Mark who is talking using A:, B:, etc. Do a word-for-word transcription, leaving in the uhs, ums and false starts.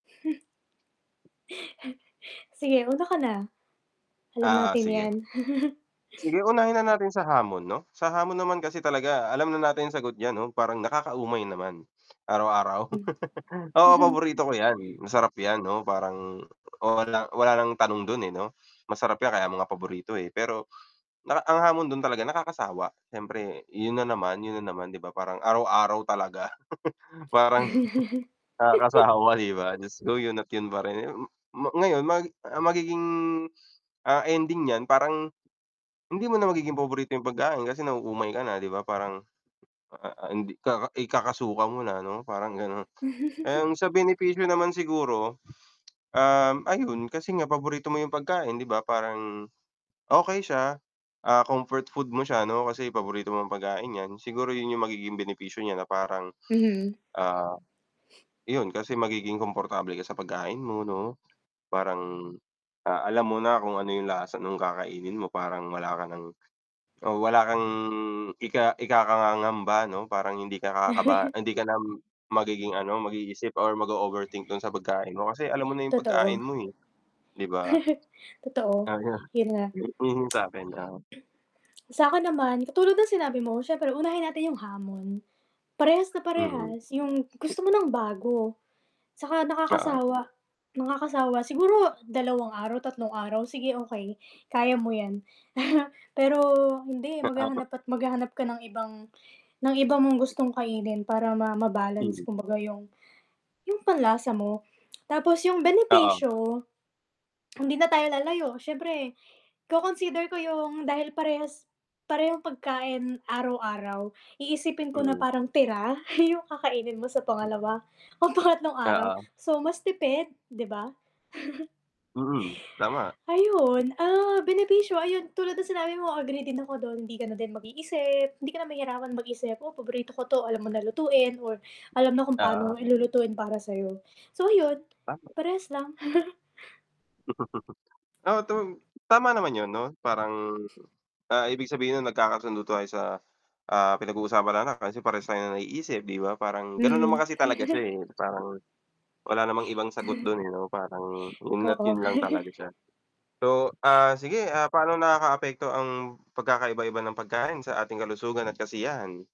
A: Sige, una ka na. Alam
B: Oo,
A: natin
B: sige.
A: 'yan.
B: Sige, unahin na natin sa hamon 'no. Sa hamon naman kasi talaga alam na natin sagot diyan 'no? Parang nakaka-umay naman. Araw-araw.
A: Hmm.
B: Oo, paborito ko 'yan, masarap 'yan 'no parang oh walang wala nang tanong dun, eh, 'no. Masarap 'yan kaya mo nga paborito, eh. Pero na ang hamon dun talaga nakakasawa. Siyempre yun na naman, yun na naman, 'di ba? Parang araw-araw talaga. Parang nakakasawa, 'di ba? Diyos ko, 'yon at 'yon pa rin. Mo ngayon may ang magiging, ah, ending niyan parang hindi mo na magiging paborito yung pagkain kasi nauumay ka na, 'di ba? Parang a a a hindi ka ikakasuka mo na 'no, parang ganon. And sa benepisyo naman siguro, um, ayun kasi nga paborito mo yung pagkain 'di ba parang okey siya, ah, comfort food mo siya 'no kasi paborito mong pagkain 'yan. Siguro yun yung magiging benepisyo niya na parang,
A: Mhm.
B: ah, 'yon kasi magiging komportable ka sa pagkain mo 'no? Parang, ah, alam mo na kung ano yung lasa nung kakainin mo, parang wala ka ng o wala kang ika ikakangangamba 'no. Parang hindi ka kakaba hindi ka na magiging ano, mag-iisip or mag-o-overthink dun sa pagkain mo kasi alam mo na yung
A: Totoo.
B: pagkain mo eh, 'di ba?
A: Totoo,
B: Ah, 'yon.
A: yun nga.
B: 'Yon yung sa'kin, oo.
A: Sa'kin naman katulad ng sinabi mo siyempre unahin natin yung hamon. Parehas na
B: Mm.
A: parehas. Yung gusto mo ng bago tsaka
B: Oo.
A: nakakasawa, nakakasawa. Siguro dalawang araw, tatlong araw, sige okey, kaya mo 'yan. Pero hindi,
B: [unintelligible]
A: maghahanap at maghahanap ka ng ibang ng iba mong gustong kainin para ma ma-balance
B: Mm.
A: kumbaga yung yung panlasa mo. Tapos yung
B: Oo.
A: benepisyo, hindi na tayo lalayo siyempre ko-consider ko yung dahil parehas parehong pagkain araw-araw, iisipin ko na
B: Mm.
A: parang tira yung kakainin mo sa pangalawa o pangatlong araw.
B: Oo.
A: So, mas tipid, di ba?
B: Mm, tama.
A: Ayun, ah, benepisyo ayun tulad ng sinabi mo agree din ako dun, hindi ka na din mag-iisip, hindi ka na mahirapan mag-isip. "Oh, paborito ko 'to." Alam mo na lutuin or alam na kung pa'no
B: Oo.
A: lulutuin para sa'yo. So ayun,
B: Tama.
A: parehas lang.
B: Oh, tung tama naman yun 'no. Parang, ah, ibig sabihin nun nagkakasundo tayo sa, ah, pinag-uusapan natin kasi parehas tayo ng naiisip, 'di ba? Parang ganun naman
A: Mm.
B: kasi talaga siya, eh. Parang wala namang ibang sagot dun, eh, 'no. Parang yun at
A: Oo.
B: yun lang talaga siya. So, ah, sige ah, paano nakakaapekto ang pagkakaiba-iba ng pagkain sa ating kalusugan at kasiyahan?